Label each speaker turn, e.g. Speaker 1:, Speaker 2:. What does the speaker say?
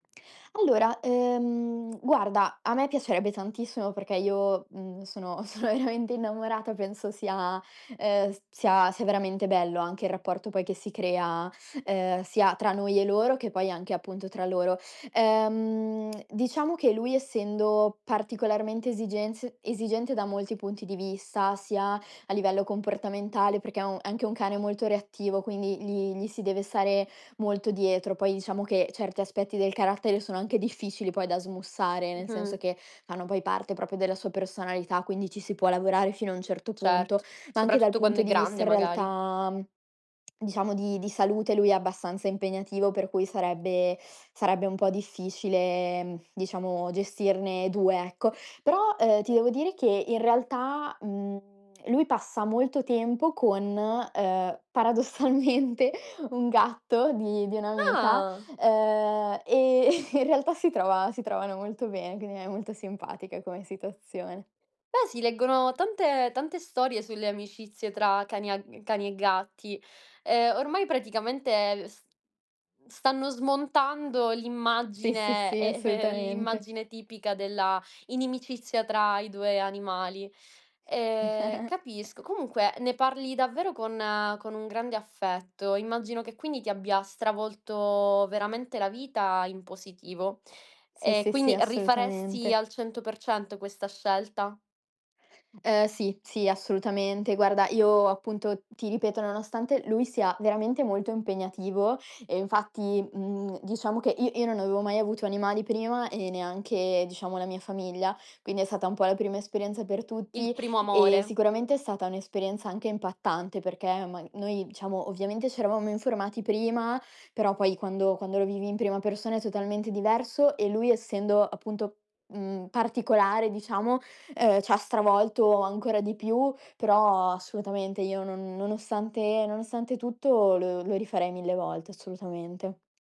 Speaker 1: Allora, ehm, guarda: a me piacerebbe tantissimo, perché io, mhmm, sono sono veramente innamorata. Penso sia, ehm, s sia sia veramente bello anche il rapporto, poi, che si crea, ehm, sia tra noi e loro che poi, anche, appunto, tra loro. Ehm, diciamo che lui, essendo particolarmente esigenz esigente da molti punti di vista, sia a livello comportamentale, perché è un è anche un cane molto reattivo, quindi gli gli si deve stare molto dietro. Poi, diciamo che certi aspetti del carattere, sono anche difficili poi da smussare, nel senso
Speaker 2: Mh-mh.
Speaker 1: che fanno, poi, parte proprio della sua personalità, quindi ci si può lavorare fino a un certo punto.
Speaker 2: Certo,
Speaker 1: Ma anche dal
Speaker 2: soprattutto
Speaker 1: punto
Speaker 2: quando è
Speaker 1: di vista,
Speaker 2: grande,
Speaker 1: in
Speaker 2: magari.
Speaker 1: realtà, mhmm, diciamo, di di salute lui è abbastanza impegnativo. Per cui, sarebbe sarebbe un po' difficile, mhmm, diciamo, gestirne 2, ecco. Però, ehm, ti devo dire che, in realtà, mhmm, lui passa molto tempo con, ehm, paradossalmente, un gatto di di un'amica.
Speaker 2: Ah!
Speaker 1: Ehm, e in realtà si trova si trovano molto bene, quindi è molto simpatica come situazione.
Speaker 2: Beh, si leggono tante tante storie sulle amicizie tra cani a cani e gatti. Ehm, ormai praticamente, s stanno smontando
Speaker 1: Sì, sì,
Speaker 2: l'immagine
Speaker 1: sì.
Speaker 2: e
Speaker 1: Assolutamente.
Speaker 2: l'immagine tipica della inimicizia tra i 2 animali. Ehm, capisco. Comunque, ne parli davvero con con un grande affetto. Immagino che, quindi, ti abbia stravolto veramente la vita in positivo.
Speaker 1: Sì,
Speaker 2: E
Speaker 1: sì, sì.
Speaker 2: quindi rifaresti
Speaker 1: Assolutamente.
Speaker 2: al 100% questa scelta?
Speaker 1: Ehm, sì, sì, assolutamente. Guarda, io appunto, ti ripeto: nonostante lui sia veramente molto impegnativo e infatti, mhmm, diciamo che i io non avevo mai avuto animali prima, e neanche, diciamo, la mia famiglia. Quindi è stata un po' la prima esperienza per
Speaker 2: Il
Speaker 1: tutti.
Speaker 2: primo
Speaker 1: Ehm,
Speaker 2: amore.
Speaker 1: sicuramente è stata un'esperienza anche impattante, perché ma noi diciamo, ovviamente c'eravamo informati prima. Però, poi quando quando lo vivi in prima persona è totalmente diverso. E lui essendo, appunto, mhmm, particolare, diciamo, ehm, c'ha stravolto ancora di più. Però, assolutamente io, no nonostante nonostante tutto, lo lo rifarei 1.000 volte, assolutamente.